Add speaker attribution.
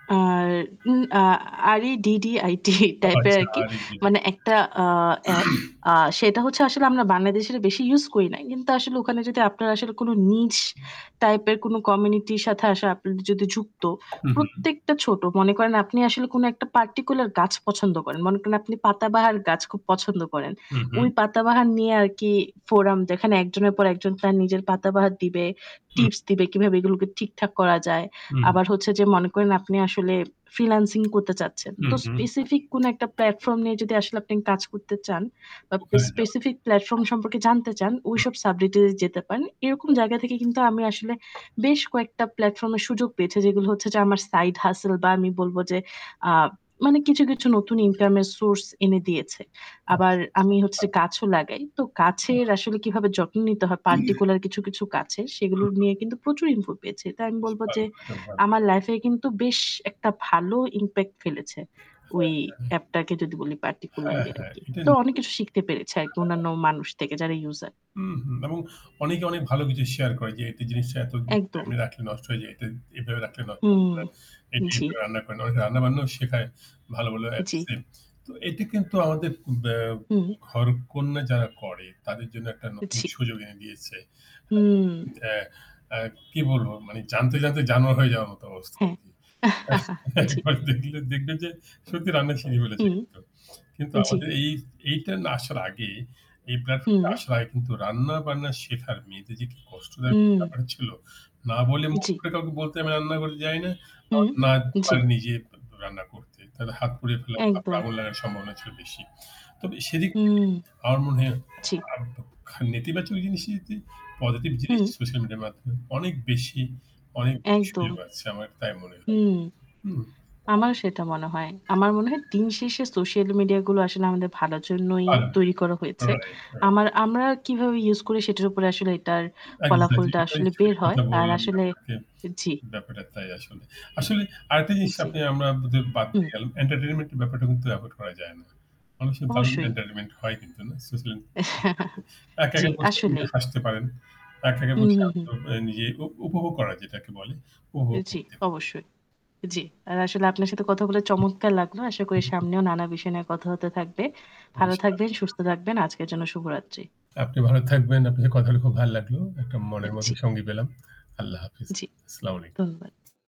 Speaker 1: R in a R-E-D-D-I-T
Speaker 2: ও
Speaker 1: টাইপের
Speaker 2: আচ্ছা,
Speaker 1: আরকি
Speaker 2: R-E-D-D
Speaker 1: মানে একটা আ এপ। আ
Speaker 2: [unintelligible]
Speaker 1: সেটা হচ্ছে আসলে আমরা বাংলাদেশের বেশি ইউজ করি নাই। কিন্তু আসলে ওখানে যদি আপনারা আসলে কোন niche টাইপের কোন কমিউনিটির সাথে আসা আপনার যদি যুক্ত,
Speaker 2: হুম, হুম।
Speaker 1: প্রত্যেকটা ছোট; মনে করেন আপনি আসলে কোন একটা particular গাছ পছন্দ করেন। মনে করেন আপনি পাতা বাহার গাছ খুব পছন্দ করেন।
Speaker 2: হু,
Speaker 1: ওই
Speaker 2: হু।
Speaker 1: পাতা বাহার নিয়ে আরকি forum যেখানে একজনের পর একজন তার নিজের পাতা বাহার দিবে,
Speaker 2: হু।
Speaker 1: টিপস দিবে কিভাবে এগুলোকে ঠিকঠাক করা যায়।
Speaker 2: হু, হু।
Speaker 1: আবার হচ্ছে যে মনে করেন আপনি আসলে ফ্রিল্যান্সিং করতে চাচ্ছেন। তো
Speaker 2: হুম, হুম।
Speaker 1: specific কোন একটা platform নিয়ে যদি আসলে আপনি কাজ করতে চান বা পেস
Speaker 2: ওখানে যাওয়া।
Speaker 1: specific platform সম্পর্কে জানতে চান,
Speaker 2: [unintelligible] হু।
Speaker 1: ঐসব subject এ যেতে পারেন। এরকম জায়গা থেকে কিন্তু আমি আসলে
Speaker 2: আচ্ছা।
Speaker 1: বেশ কয়েকটা platform এর সুযোগ পেয়েছি। যেগুলো হচ্ছে যে আমার side hustle বা আমি বলবো যে আ মানে কিছু, কিছু নতুন ইনকামের source এনে দিয়েছে। আবার
Speaker 2: আচ্ছা, আচ্ছা।
Speaker 1: আমি হচ্ছে গাছ লাগাই। তো কাছের আসলে কিভাবে যত্ন নিতে হয় particular কিছু, কিছু কাছের সেগুলো
Speaker 2: উহু।
Speaker 1: নিয়ে কিন্তু প্রচুর info পেয়েছি। তো আমি বলবো যে
Speaker 2: [unintelligible]
Speaker 1: আমার লাইফে কিন্তু বেশ একটা ভালো impact ফেলেছে ওই
Speaker 2: হ্যাঁ, হ্যাঁ।
Speaker 1: এপটাকে যদি বলি
Speaker 2: হ্যাঁ,
Speaker 1: particularly
Speaker 2: হ্যাঁ।
Speaker 1: আরকি।
Speaker 2: এটাই
Speaker 1: তো অনেক
Speaker 2: নিশ্চয়ই।
Speaker 1: কিছু শিখতে পেরেছি আরকি অন্যান্য
Speaker 2: [unintelligible]
Speaker 1: মানুষ থেকে যারা user.
Speaker 2: উহু। এবং অনেকে অনেক ভালো কিছু শেয়ার করে যে একটা জিনিসটা এত
Speaker 1: একদম।
Speaker 2: এমনি রাখলে নষ্ট হয়ে যায়। তা এভাবে রাখলে নষ্ট
Speaker 1: হুঁ।
Speaker 2: হয় না। এইযে
Speaker 1: জি।
Speaker 2: এভাবে রান্না করে না। অনেকে রান্নাবান্নাও শেখায় ভালো, ভালো
Speaker 1: জ্বি।
Speaker 2: অ্যাপসে। তো এটা কিন্তু আমাদের বা
Speaker 1: হু।
Speaker 2: ঘরকন্যা যারা করে তাদের জন্য একটা
Speaker 1: উ
Speaker 2: নতুন
Speaker 1: জি।
Speaker 2: সুযোগ এনে দিয়েছে।
Speaker 1: হুম।
Speaker 2: আ আ কি বলবো? মানে জানতে, জানতে জানোয়ার হয়ে যাওয়ার মত অবস্থা
Speaker 1: হ্যাঁ।
Speaker 2: আরকি।
Speaker 1: জ্বি।
Speaker 2: একবার দেখলে দেখবেন যে সত্যি রান্না শিখে ফেলেছে
Speaker 1: হুম।
Speaker 2: কিন্তু। কিন্তু
Speaker 1: জ্বি।
Speaker 2: আমাদের এই এইটা না আসার আগে এই platform
Speaker 1: হুম।
Speaker 2: টা আসার আগে কিন্তু রান্না-বান্না শেখার মেয়েদের যে কি কষ্টদায়ক
Speaker 1: হুম।
Speaker 2: ব্যাপার ছিল। না বলে মুখ
Speaker 1: জ্বি।
Speaker 2: ফুটে কাউকে বলতে আমি রান্না করে যাই না।
Speaker 1: হু,
Speaker 2: আবার না
Speaker 1: জ্বি।
Speaker 2: পারি নিজে রান্না করতে। তাহলে হাত পুড়িয়ে ফেলার, তারপর
Speaker 1: একদম।
Speaker 2: আগুন লাগার সম্ভাবনা ছিল বেশি। তবে সেদিক থেকে
Speaker 1: হুম,
Speaker 2: আমার মনে হয়
Speaker 1: জ্বি।
Speaker 2: খ নেতিবাচক জিনিস, পজিটিভ জিনিস
Speaker 1: হুম।
Speaker 2: সোশ্যাল মিডিয়ার মাধ্যমে অনেক বেশি অনেক বেশি
Speaker 1: একদম।
Speaker 2: সুযোগ আছে, আমার তাই মনে হয়।
Speaker 1: হুম।
Speaker 2: হুম।
Speaker 1: আমারও সেটা মনে হয়। আমার মনে হয় দিন শেষে সোশ্যাল মিডিয়াগুলো আসলে আমাদের ভালোর জন্যই তৈরি করা
Speaker 2: [unintelligible]
Speaker 1: হয়েছে।
Speaker 2: Right, right.
Speaker 1: আমার আমরা কিভাবে ইউজ করি সেটার উপরে আসলে এটার
Speaker 2: এক্সাক্টলি।
Speaker 1: ফলাফলটা
Speaker 2: ওইটাই
Speaker 1: আসলে বের
Speaker 2: [unintelligible]
Speaker 1: হয়।
Speaker 2: কথা
Speaker 1: আর
Speaker 2: বললাম
Speaker 1: আসলে
Speaker 2: আপনাকে।
Speaker 1: জ্বি।
Speaker 2: ব্যাপারটা তাই আসলে। আসলে আরেকটা
Speaker 1: উ
Speaker 2: জিনিস
Speaker 1: জ্বী।
Speaker 2: আপনি আমাদের বাদ
Speaker 1: হু।
Speaker 2: দিয়ে গেলাম entertainment এর ব্যাপারটা কিন্তু avoid করা যায় না। অনেক সময় দারুণ
Speaker 1: অবশ্যই।
Speaker 2: entertainment হয় কিন্তু না। সোশ্যাল মিডিয়াতে একা, একা
Speaker 1: জ্বি,
Speaker 2: বসে
Speaker 1: আসলেই।
Speaker 2: হাসতে পারেন। একা, একা
Speaker 1: হুম,
Speaker 2: বসে
Speaker 1: হুম, হুম।
Speaker 2: [unintelligible] নিজেই উপ উপভোগ করা যেটাকে বলে
Speaker 1: এ
Speaker 2: উপভোগ
Speaker 1: জ্বি,
Speaker 2: করতে
Speaker 1: অবশ্যই। জ্বী। আর আসলে আপনার সাথে কথাগুলো চমৎকার লাগলো। আশা করি সামনেও নানা বিষয় নিয়ে কথা হতে থাকবে। ভালো
Speaker 2: ইনশাল্লাহ।
Speaker 1: থাকবেন, সুস্থ থাকবেন। আজকের জন্য শুভরাত্রি।
Speaker 2: আপনি ভালো থাকবেন। আপনার কথাগুলো খুব ভাল লাগল। একটা
Speaker 1: এ
Speaker 2: মনের মতো
Speaker 1: জি।
Speaker 2: সঙ্গী পেলাম। আল্লাহ হাফেজ।
Speaker 1: জ্বি,
Speaker 2: আসসালামু আলাইকুম।
Speaker 1: ধন্যবাদ।